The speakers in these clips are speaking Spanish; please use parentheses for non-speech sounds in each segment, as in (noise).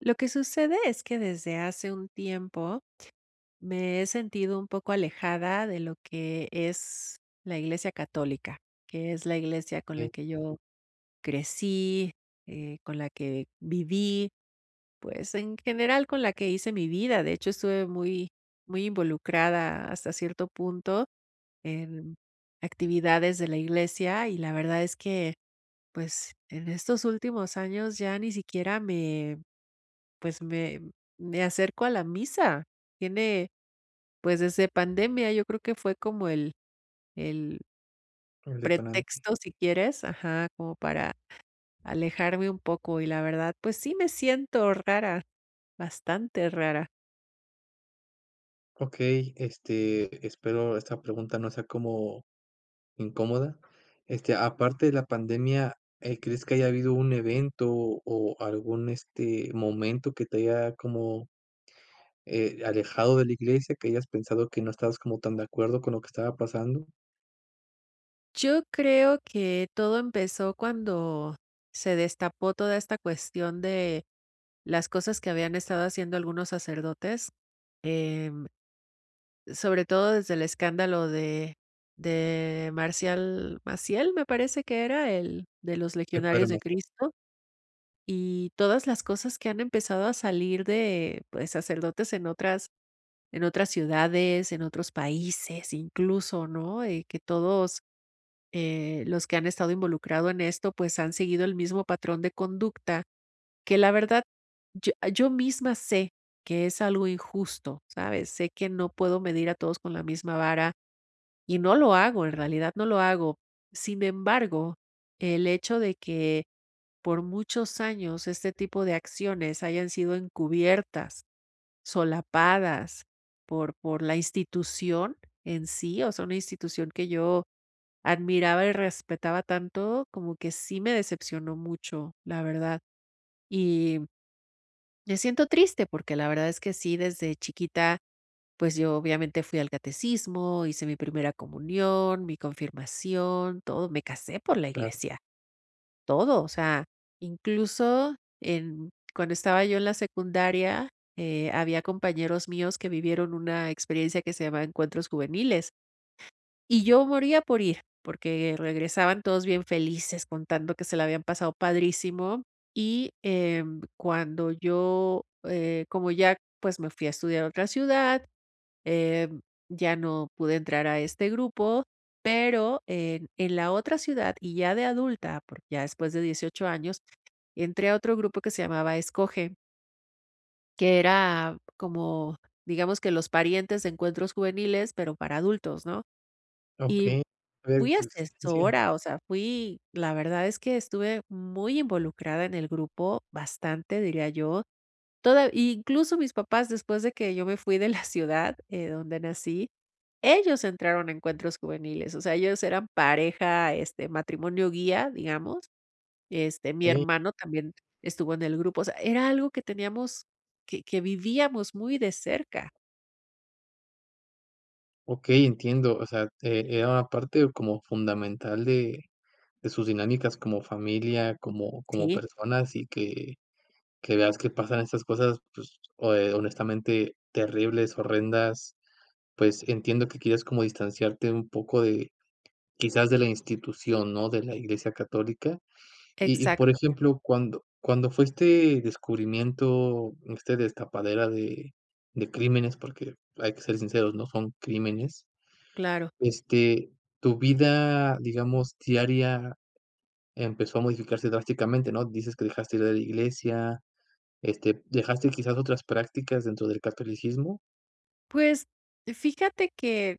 Lo que sucede es que desde hace un tiempo me he sentido un poco alejada de lo que es la Iglesia Católica, que es la iglesia con la Okey. que yo crecí, eh, con la que viví, pues en general, con la que hice mi vida. De hecho, estuve muy muy involucrada, hasta cierto punto, en actividades de la iglesia y la verdad es que, pues, en estos últimos años ya ni siquiera me, pues, me me acerco a la misa. Tiene, pues, desde pandemia, yo creo que fue como el el El detonante. pretexto, si quieres Ajá, como para alejarme un poco, y la verdad, pues, sí me siento rara, bastante rara. Okey, este, espero esta pregunta no sea como incómoda. Este, aparte de la pandemia, eh, ¿crees que haya habido un evento o algún, este, momento que te haya, como, eh, alejado de la iglesia, que hayas pensado que no estabas como tan de acuerdo con lo que estaba pasando? Yo creo que, todo empezó, cuando se destapó toda esta cuestión de las cosas que habían estado haciendo algunos sacerdotes. Em, sobre todo, desde el escándalo de de Marcial Maciel, me parece que era el de, ¿los El padre legionarios de Maciel. Cristo? Y todas las cosas que han empezado a salir de pues, sacerdotes, en otras en otras ciudades, en otros países, incluso, ¿no? Eh, que todos, eh, los que han estado involucrado en esto, pues, han seguido el mismo patrón de conducta. Que la verdad, yo eh, yo misma sé que es algo injusto, ¿sabes? Sé que no puedo medir a todos con la misma vara, y no lo hago. En realidad, no lo hago. Sin embargo, el hecho de que, por muchos años, este tipo de acciones hayan sido encubiertas, solapadas, por por la institución en sí. O sea, una institución que yo admiraba y respetaba tanto, como que sí, me decepcionó mucho, la verdad. Y me siento triste, porque la verdad es que sí, desde chiquita, pues yo, obviamente, fui al catecismo, hice mi primera comunión, mi confirmación, todo. Me casé por la Claro. iglesia. Todo. O sea, incluso, en cuando estaba yo en la secundaria, eh, había compañeros míos que vivieron una experiencia que se llamaba Encuentros Juveniles. Y yo, moría por ir, porque regresaban todos bien felices, contando que se la habían pasado padrísimo. Y, em, cuando yo, eh como ya pues, me fui a estudiar a otra ciudad, em, ya no pude entrar a este grupo, pero, en en la otra ciudad, y ya de adulta, porque ya después de 18 años, entré a otro grupo, que se llamaba Escoge. Que era como, digamos, que los parientes de Encuentros Juveniles, pero para adultos, ¿no? Y Okey, fui (unintelligible) asesora, o sea fui la verdad es que estuve muy involucrada en el grupo, bastante, diría yo. Toda y incluso mis papás después de que yo me fui de la ciudad, eh, donde nací, ellos entraron a Encuentros Juveniles. O sea, ellos eran pareja, este, matrimonio guía, digamos, este, mi Okey. hermano también estuvo en el grupo. O sea, era algo que teníamos que que vivíamos muy de cerca. Okey, entiendo, o sea, eh, era una parte como fundamental de de sus dinámicas como familia, como como Sí. personas, y que que veas que pasan estas cosas, pues ho eh, honestamente terribles, horrendas, pues entiendo que quieres como distanciarte un poco de quizás de la institución, ¿no?, de la Iglesia católica. Y y por Exacto. ejemplo, cuando cuando fue este descubrimiento, este destapadera de de crímenes, porque, hay que ser sinceros, ¿no?, son crímenes. Claro. Este, tu vida, digamos, diaria empezó a modificarse drásticamente, ¿no? Dices que dejaste de ir a la iglesia, este, ¿dejaste quizás otras prácticas dentro del catolicismo? Pues fíjate que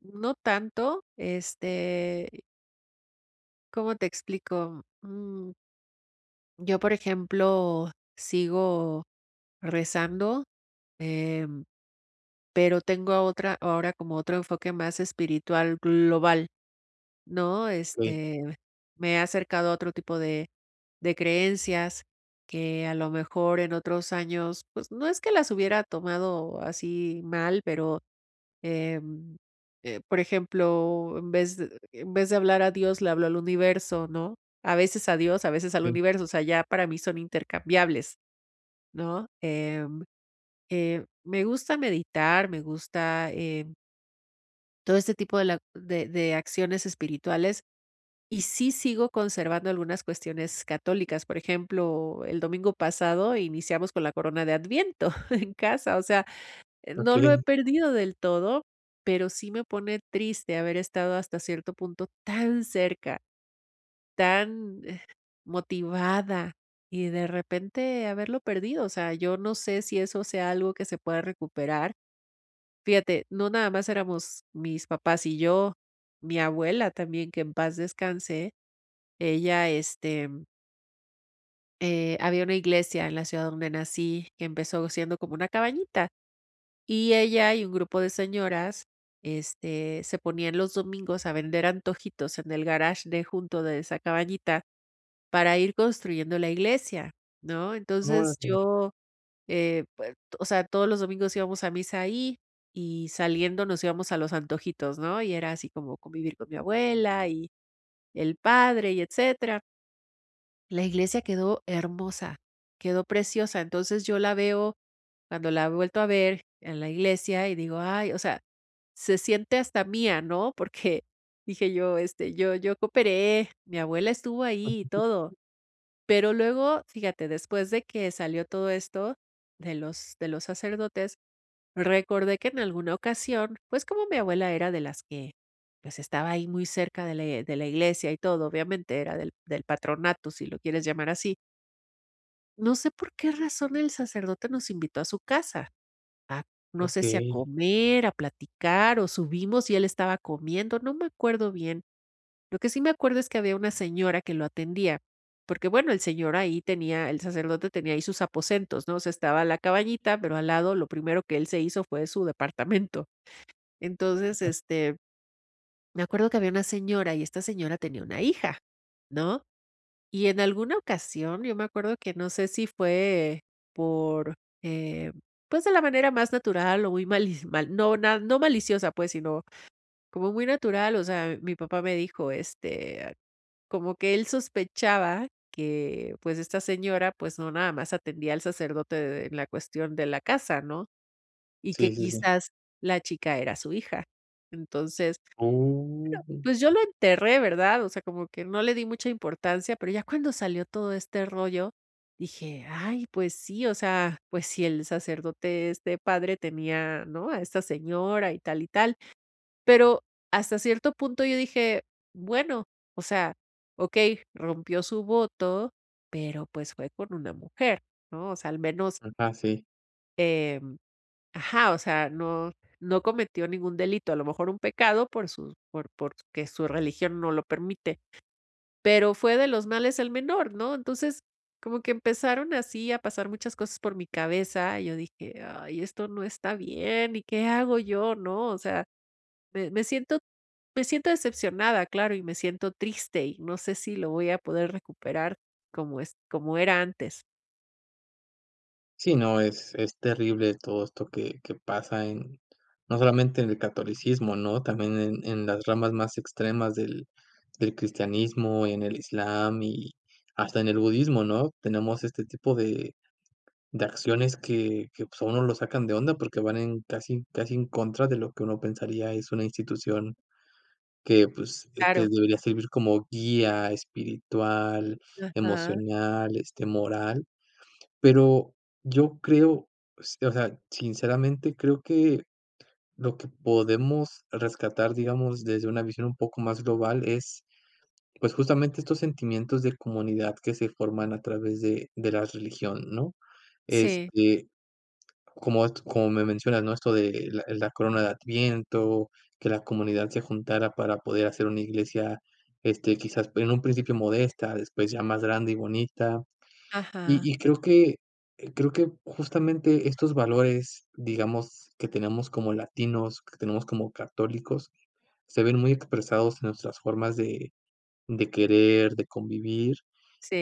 no tanto este ¿cómo te explico? Mm Yo, por ejemplo, sigo rezando, em, pero tengo otra ahora como otro enfoque más espiritual global, ¿no?, Okey. este, me he acercado a otro tipo de de creencias que a lo mejor en otros años, pues no es que las hubiera tomado así mal, pero, em, eh, por ejemplo, en vez de en vez de hablar a Dios, le hablo al universo. ¿No?, a veces a Dios, a veces al Okey. universo. O sea, ya para mí son intercambiables. ¿No?, eh eh, me gusta meditar, me gusta, eh todo este tipo de la de de acciones espirituales, y sí sigo conservando algunas cuestiones católicas. Por ejemplo, el domingo pasado iniciamos con la corona de Adviento (chuckles) en casa. O sea, eh, no lo he Okey. perdido del todo, pero sí me pone triste haber estado hasta cierto punto tan cerca, tan, eh, motivada, y de repente haberlo perdido, o sea, yo no sé si eso sea algo que se pueda recuperar. Fíjate. No, nada más éramos mis papás y yo, mi abuela también, que en paz descanse. Ella este eh, había una iglesia en la ciudad donde nací que empezó siendo como una cabañita. Y ella, y un grupo de señoras, este, se ponían los domingos a vender antojitos en el garaje de junto, de esa cabañita, para ir construyendo la iglesia, ¿no? Entonces Órale. yo, eh, pues, o sea, todos los domingos íbamos a misa ahí, y saliendo nos íbamos a los antojitos, ¿no? Y era así como convivir con mi abuela, y el padre, y etcétera. La iglesia quedó hermosa, quedó preciosa. Entonces yo la veo cuando la he vuelto a ver, en la iglesia y digo: "¡Ay!" O sea, se siente hasta mía, ¿no? (chuckles) Porque dije yo este: "Yo yo cooperé, mi abuela estuvo ahí y todo". (unintelligible) Pero luego, fíjate, después de que salió todo esto de los de los sacerdotes, recordé que en alguna ocasión, pues, como mi abuela era de las que, pues, estaba ahí muy cerca de la de la iglesia y todo, obviamente era del del patronato, si lo quieres llamar así. No sé por qué razón el sacerdote nos invitó a su casa. A no sé si a Okey. comer, a platicar o subimos, y él estaba comiendo, no me acuerdo bien, lo que sí me acuerdo es que había una señora que lo atendía, porque bueno, el señor ahí tenía el sacerdote tenía ahí sus aposentos, ¿no?, o sea, estaba a la cabañita, pero al lado lo primero que él se hizo fue su departamento, entonces, este, me acuerdo que había una señora, y esta señora tenía una hija, ¿no?, y en alguna ocasión yo me acuerdo que, no sé si fue por, eh, pues, de la manera más natural o muy malis mal no no maliciosa, pues sino como muy natural, o sea, mi papá me dijo, este, como que él sospechaba que pues esta señora pues no nada más atendía al sacerdote de la cuestión de la casa, ¿no?, y que Sí, sí, sí. quizás la chica era su hija, entonces, bueno, Oh. pues, yo lo enterré, ¿verdad?, o sea, como que no le di mucha importancia, pero ya cuando salió todo este rollo dije: "Ay, pues sí, o sea, pues si el sacerdote, este, padre tenía, ¿no?, a esta señora, y tal y tal", pero hasta cierto punto yo dije: "Bueno, o sea, okey, rompió su voto, pero pues fue con una mujer", ¿no?, o sea, al menos Ajá, sí. Em, ajá, o sea, no no cometió ningún delito, a lo mejor un pecado por sus por porque su religión no lo permite. Pero fue de los males el menor, ¿no? Entonces, como que empezaron así a pasar muchas cosas por mi cabeza, y yo dije: "Ay, esto no está bien. ¿Y qué hago yo?", ¿no? O sea, me me siento me siento decepcionada, claro, y me siento triste, y no sé si lo voy a poder recuperar como es como era antes. Sí, no es es terrible todo esto que que pasa en no solamente en el catolicismo, ¿no? También en en las ramas más extremas del del cristianismo, en el islam y hasta en el budismo, ¿no? Tenemos este tipo de de acciones que que, pues, a uno lo sacan de onda porque van en casi casi en contra de lo que uno pensaría es una institución que, pues, te Claro. debería servir como guía espiritual, Ajá. emocional, este, moral. Pero yo creo s o sea, sinceramente, creo que lo que podemos rescatar, digamos, desde una visión un poco más global es, pues, justamente estos sentimientos de comunidad que se forman a través de de las religión, ¿no? Sí. Este, como at como me mencionas, ¿no?, esto de, eh, la corona de Adviento, que la comunidad se juntara para poder hacer una iglesia, este, quizás p en un principio modesta, después ya más grande y bonita. Y Ajá. y creo que eh, creo que justamente estos valores, digamos, que tenemos como latinos, que tenemos como católicos, se ven muy expresados en nuestras formas de de querer, de convivir,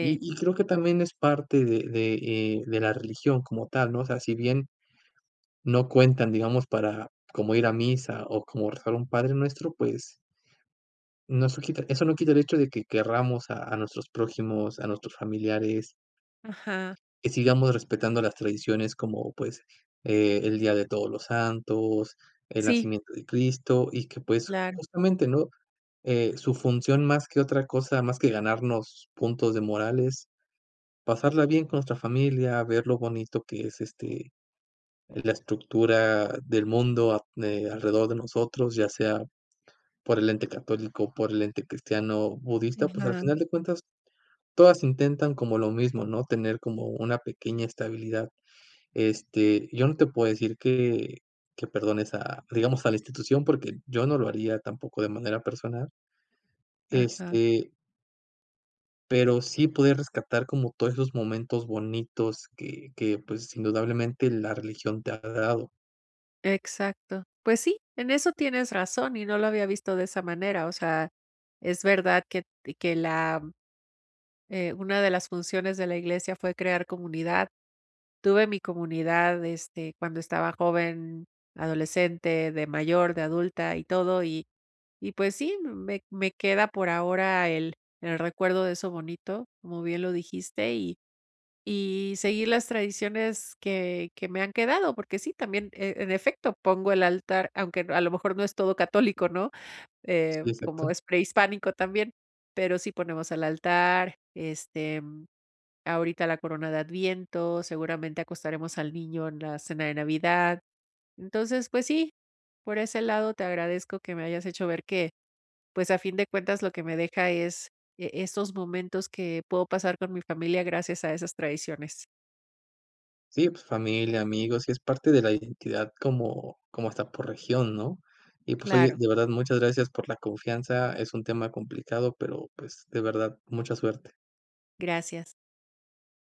y y creo que también es parte de de, eh, de la religión como tal, ¿no? O sea, si bien no cuentan, digamos, para como ir a misa, o como rezar un padrenuestro, pues No sue quita Eso no quita el hecho de que querramos a a nuestros prójimos, a nuestros familiares Ajá. y sigamos respetando las tradiciones como, pues, eh, el Día de Todos los Santos, el Sí. nacimiento de Cristo, y que, pues, Claro. justamente, ¿no?, eh, su función, más que otra cosa, más que ganarnos puntos de moral, es pasarla bien con nuestra familia, ver lo bonito que es, este, la estructura del mundo ap mm, eh, alrededor de nosotros, ya sea por el ente católico o por el ente cristiano, budista, pues, al Ajá. final de cuentas todas intentan como lo mismo, ¿no? Tener como una pequeña estabilidad. Este, yo no te puedo decir que que perdones a digamos, a la institución, porque yo no lo haría tampoco de manera personal. Ajá. Este pero sí poder rescatar como todos esos momentos bonitos que que, pues, indudablemente la religión te ha dado. Exacto. Pues sí, en eso tienes razón, y no lo había visto de esa manera, o sea, es verdad que t que la eh, una de las funciones de la iglesia fue crear comunidad. Tuve mi comunidad, este, cuando estaba joven, adolescente, de mayor, de adulta y todo, y y pues sí, me me queda por ahora el el recuerdo de eso bonito, como bien lo dijiste, y y seguir las tradiciones que que me han quedado porque sí, también, en efecto, pongo el altar, aunque, a lo mejor, no es todo católico, ¿no?, eh, Sí, como exacto. es prehispánico también, pero sí, ponemos el altar, este, ahorita la corona de adviento, seguramente acostaremos al niño en la cena de Navidad. Entonces, pues sí, por ese lado, te agradezco que me hayas hecho ver que, pues, a fin de cuentas, lo que me deja es, e esos momentos que puedo pasar con mi familia gracias a esas tradiciones. Sí, familia, amigos, y es parte de la identidad, como como hasta por región, ¿no?, y pues oye, Claro. de verdad, muchas gracias por la confianza. Es un tema complicado, pero, pues, de verdad, mucha suerte. Gracias.